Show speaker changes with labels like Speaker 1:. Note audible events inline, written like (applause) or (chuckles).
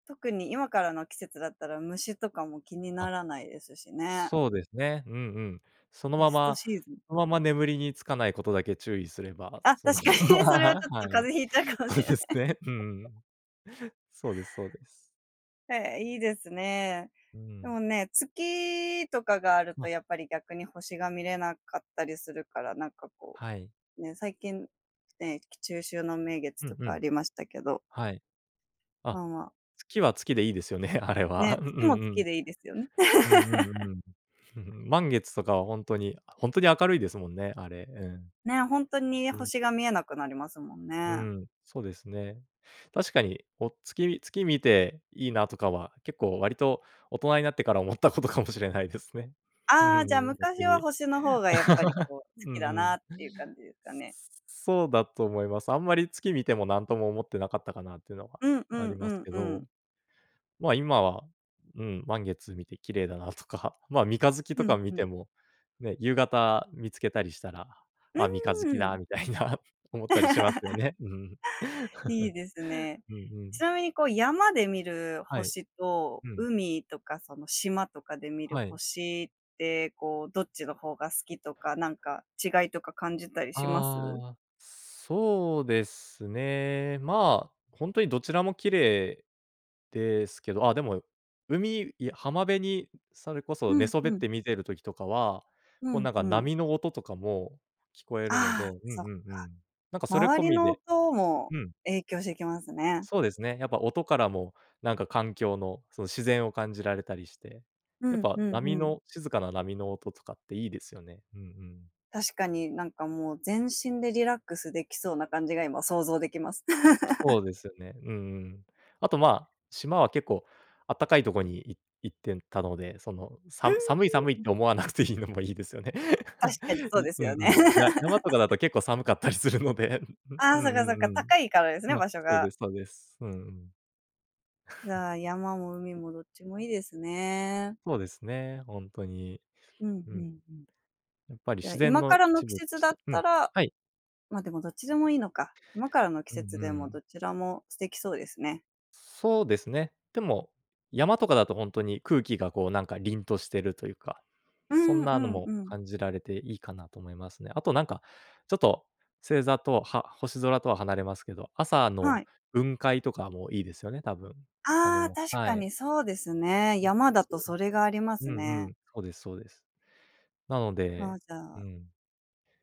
Speaker 1: 特に今からの季節だったら、虫とかも気にな
Speaker 2: あ。
Speaker 1: らないですしね。
Speaker 2: そうですね、うんうん。その
Speaker 1: ベ
Speaker 2: ま
Speaker 1: スト
Speaker 2: ま
Speaker 1: シーズン。
Speaker 2: そのまま眠りにつかないことだけ注意すれば、
Speaker 1: あ、確
Speaker 2: その、
Speaker 1: かに、
Speaker 2: (laughs)
Speaker 1: それはち
Speaker 2: は
Speaker 1: ょっと風
Speaker 2: い、
Speaker 1: 邪ひいちゃうかもし
Speaker 2: そう
Speaker 1: れな
Speaker 2: で
Speaker 1: い。
Speaker 2: すね、うん。そうです、そうです。
Speaker 1: へえ、いいですね。
Speaker 2: う
Speaker 1: で
Speaker 2: ん。
Speaker 1: もね、月とかがあると
Speaker 2: ま。
Speaker 1: やっぱり逆に星が見れなかったりするから、なんかこ
Speaker 2: はい。
Speaker 1: う、ね、最近、ね、き中秋の名月
Speaker 2: うん
Speaker 1: と
Speaker 2: う
Speaker 1: かあ
Speaker 2: ん。
Speaker 1: りましたけど
Speaker 2: はい。
Speaker 1: ま
Speaker 2: あ、
Speaker 1: あ、まあ。
Speaker 2: 月は月でいいですよね、あれ
Speaker 1: ね、
Speaker 2: は。うんう
Speaker 1: 月も
Speaker 2: んう
Speaker 1: 月
Speaker 2: ん。
Speaker 1: でいいですよ、ん
Speaker 2: うん、う
Speaker 1: (laughs)
Speaker 2: ん、うん。(chuckles) 満月とかはほんとに、あほんとに明るいですもんね、あれ、うん。
Speaker 1: ね、ほんとに
Speaker 2: うん。
Speaker 1: 星が見えなくなりますもん
Speaker 2: うー
Speaker 1: ね。
Speaker 2: ん、そうですね。確かにお月み月見て、「いいな」とかは結構割と大人になってから思ったことかもしれないですね、ふふ
Speaker 1: ああ、じゃ、
Speaker 2: ん、
Speaker 1: 昔
Speaker 2: 逆
Speaker 1: は
Speaker 2: に。
Speaker 1: 星の方がやっぱり
Speaker 2: (laughs)
Speaker 1: こう、好
Speaker 2: うん
Speaker 1: きだ
Speaker 2: う
Speaker 1: な
Speaker 2: ん。
Speaker 1: っていう感じですかね？
Speaker 2: そうだと思います。あんまり月見ても、なんとも思ってなかったかなってのは
Speaker 1: うん、う
Speaker 2: あ
Speaker 1: ん、
Speaker 2: り
Speaker 1: う
Speaker 2: ます
Speaker 1: ん、
Speaker 2: け
Speaker 1: うん。
Speaker 2: ど、ま、今は、うん、満月見て、「綺麗だな」とか、ま、三日月と
Speaker 1: ふ
Speaker 2: か
Speaker 1: ん、
Speaker 2: 見
Speaker 1: ふ
Speaker 2: て
Speaker 1: ん。
Speaker 2: も、ね、夕方見つけたりしたら、
Speaker 1: う
Speaker 2: 「あ、三日月
Speaker 1: ー
Speaker 2: だ」
Speaker 1: ん。
Speaker 2: みたいな思ったりしますよ
Speaker 1: (laughs)
Speaker 2: ね、うん。
Speaker 1: いいですね。
Speaker 2: (laughs) うんう
Speaker 1: ち
Speaker 2: ん。
Speaker 1: なみにこう、山で見る
Speaker 2: はい。
Speaker 1: 星と、
Speaker 2: うん。
Speaker 1: 海とかその、島とかで見る
Speaker 2: はい。
Speaker 1: 星ってこう、どっちの方が好きとか、なんか違いとか感じたりします？
Speaker 2: ああ、そうですね。まあ、ほんとにどちらも綺麗ですけど、あ、でも海いや浜辺にそれこ
Speaker 1: う
Speaker 2: そ寝
Speaker 1: ん、
Speaker 2: そ
Speaker 1: ふ
Speaker 2: べっ
Speaker 1: ん。
Speaker 2: て見てる時とかは、
Speaker 1: う
Speaker 2: こう
Speaker 1: ん、
Speaker 2: なんか
Speaker 1: ふん。
Speaker 2: 波の音とかも聞こえるの
Speaker 1: あ
Speaker 2: で、
Speaker 1: あ、
Speaker 2: うん
Speaker 1: そっ
Speaker 2: う
Speaker 1: か。
Speaker 2: んうん、なんかそれ
Speaker 1: 周
Speaker 2: 込
Speaker 1: り
Speaker 2: み
Speaker 1: の
Speaker 2: で
Speaker 1: 音も
Speaker 2: うん。
Speaker 1: 影響してきますね。
Speaker 2: そうですね、やっぱ音からもなんか環境の、その、自然を感じられたりして、
Speaker 1: う
Speaker 2: やっ
Speaker 1: ん、
Speaker 2: ぱ
Speaker 1: ふんふ
Speaker 2: 波
Speaker 1: ん。
Speaker 2: の静かな波の音とかっていいですよね、うんうん。
Speaker 1: 確かに、なんかもう全身でリラックスできそうな感じが今想像できます。
Speaker 2: そ
Speaker 1: (laughs)
Speaker 2: うですよね、うんうん。あとまあ、島は結構あったかいとこに、いっ行ってんたので、その、
Speaker 1: う
Speaker 2: さ
Speaker 1: ん、
Speaker 2: む寒い、寒い
Speaker 1: ふ
Speaker 2: っ
Speaker 1: ん。
Speaker 2: て思わなくていいのもいいですよね。
Speaker 1: 確かに、
Speaker 2: (laughs)
Speaker 1: そう
Speaker 2: い
Speaker 1: です
Speaker 2: う
Speaker 1: よ
Speaker 2: んう
Speaker 1: ね。
Speaker 2: ん。や山とかだ
Speaker 1: (laughs)
Speaker 2: と結構寒かったりするので、ううう
Speaker 1: ああ、そ
Speaker 2: ん、
Speaker 1: っ
Speaker 2: う
Speaker 1: かそっか、
Speaker 2: ん、うん。
Speaker 1: 高いからですね、
Speaker 2: ま、
Speaker 1: 場所
Speaker 2: そう
Speaker 1: が。
Speaker 2: です、そうです、うんうん。
Speaker 1: じ
Speaker 2: (chuckles)
Speaker 1: ゃあ、山も海もどっちもいいですね。
Speaker 2: そうですね、ほんとに。
Speaker 1: うん、ふ
Speaker 2: うん。
Speaker 1: んふん。
Speaker 2: やっぱり
Speaker 1: じゃあ、
Speaker 2: 自然
Speaker 1: 今か
Speaker 2: の
Speaker 1: らの
Speaker 2: 一
Speaker 1: 季
Speaker 2: 部と
Speaker 1: 節
Speaker 2: し
Speaker 1: だっ
Speaker 2: てうん、
Speaker 1: たら
Speaker 2: はい。
Speaker 1: ま、でもどっちでもいいのか、今からの季
Speaker 2: うん、う
Speaker 1: 節でも
Speaker 2: ん。
Speaker 1: どちらも素敵そうですね。
Speaker 2: そうですね。でも、山とかだとほんとに空気がこうなんか凛としてるというか、
Speaker 1: う
Speaker 2: そん
Speaker 1: ん、う
Speaker 2: なの
Speaker 1: ん、
Speaker 2: も
Speaker 1: うん。
Speaker 2: 感じられていいかなと思いますね。あとなんか、ちょっと、星座とは、は星空とは離れますけど、朝
Speaker 1: は
Speaker 2: の
Speaker 1: い。
Speaker 2: 雲海とかもいいですよね、多分、あ
Speaker 1: ああ、
Speaker 2: の
Speaker 1: 確
Speaker 2: は
Speaker 1: か
Speaker 2: い。
Speaker 1: にそうですね、
Speaker 2: そ、そ、
Speaker 1: 山だと
Speaker 2: そう。
Speaker 1: それがありま
Speaker 2: う
Speaker 1: す
Speaker 2: んう
Speaker 1: ね。
Speaker 2: ん、そうですそうです。なので
Speaker 1: あ、じゃ
Speaker 2: う
Speaker 1: あ
Speaker 2: ん。